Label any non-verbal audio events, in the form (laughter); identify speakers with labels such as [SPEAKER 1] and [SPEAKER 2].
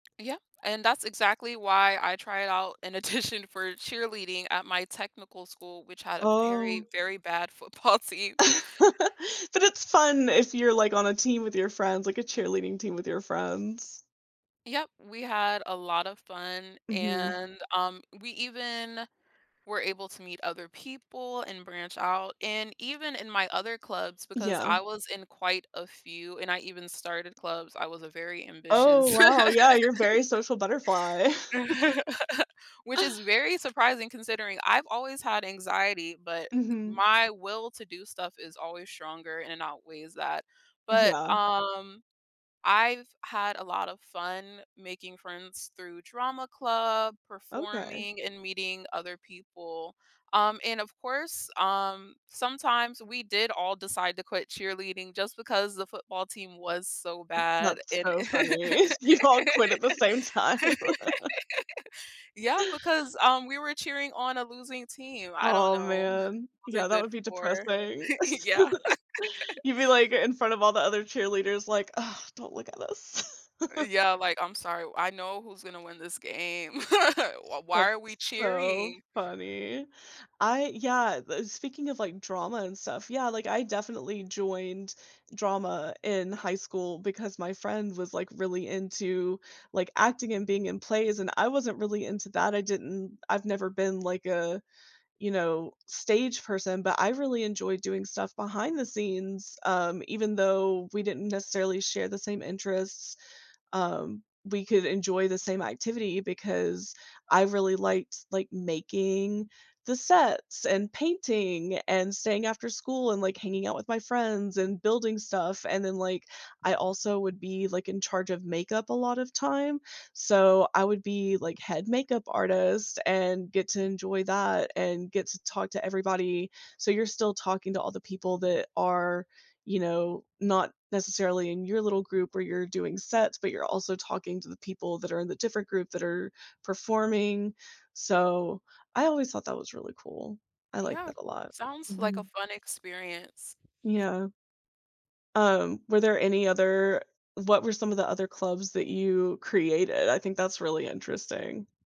[SPEAKER 1] Yeah, and that's exactly why I tried it out in addition for cheerleading at my technical school, which had a very,
[SPEAKER 2] Oh.
[SPEAKER 1] very bad football team.
[SPEAKER 2] (laughs) But it's fun if you're, like, on a team with your friends, like, a cheerleading team with your friends.
[SPEAKER 1] Yep, we had a lot of fun
[SPEAKER 2] Mhm.
[SPEAKER 1] and, um, we even were able to meet other people and branch out and even in my other clubs because
[SPEAKER 2] Yeah.
[SPEAKER 1] I was in quite a few and I even started clubs. I was a very ambitious
[SPEAKER 2] Oh wow, yeah, you're very
[SPEAKER 1] (laughs)
[SPEAKER 2] social butterfly. (laughs)
[SPEAKER 1] (laughs) Which is very surprising considering I've always had anxiety, but
[SPEAKER 2] Mhm.
[SPEAKER 1] my will to do stuff is always stronger and outweighs that. But,
[SPEAKER 2] Yeah.
[SPEAKER 1] um, I've had a lot of fun making friends through drama club,
[SPEAKER 2] Okay.
[SPEAKER 1] performing, and meeting other people. Um, and of course, um, sometimes we did all decide to quit cheerleading just because the football team was so
[SPEAKER 2] M
[SPEAKER 1] bad
[SPEAKER 2] that's
[SPEAKER 1] and
[SPEAKER 2] so funny. You all
[SPEAKER 1] (laughs)
[SPEAKER 2] quit at the same time. (laughs)
[SPEAKER 1] yeah, because, um, we were cheering on a losing team. I don't
[SPEAKER 2] Oh,
[SPEAKER 1] know.
[SPEAKER 2] man,
[SPEAKER 1] It
[SPEAKER 2] yeah,
[SPEAKER 1] wasn't
[SPEAKER 2] that
[SPEAKER 1] good
[SPEAKER 2] would be
[SPEAKER 1] for
[SPEAKER 2] depressing.
[SPEAKER 1] (laughs) yeah.
[SPEAKER 2] (laughs)
[SPEAKER 1] (laughs)
[SPEAKER 2] You'd be, like, in front of all the other cheerleaders, like, "Oh, don't look at us." (laughs)
[SPEAKER 1] Yeah, like, "I'm sorry, I know who's gonna win this game. (laughs) Why why
[SPEAKER 2] That's
[SPEAKER 1] are we
[SPEAKER 2] so
[SPEAKER 1] cheering?"
[SPEAKER 2] funny. I yeah, uh, speaking of, like, drama and stuff, yeah, like, I definitely joined drama in high school because my friend was, like, really into, like, acting and being in plays and I wasn't really into that, I didn't I've never been like a, you know, stage person, but I really enjoyed doing stuff behind the scenes, um, even though we didn't necessarily share the same interests, um, we could enjoy the same activity because I really liked, like, making the sets and painting and staying after school and, like, hanging out with my friends and building stuff, and then, like, I also would be, like, in charge of makeup a lot of time, so I would be, like, head makeup artist and get to enjoy that and get to talk to everybody, so you're still talking to all the people that are, you know, not necessarily in your little group where you're doing sets, but you're also talking to the people that are in the different groups that are performing. So, I always thought that was really cool. I like
[SPEAKER 1] Yeah.
[SPEAKER 2] that a lot.
[SPEAKER 1] Sounds like a
[SPEAKER 2] Mhm.
[SPEAKER 1] fun experience.
[SPEAKER 2] Yeah. Um, were there any other what were some of the other clubs that you created? I think that's really interesting.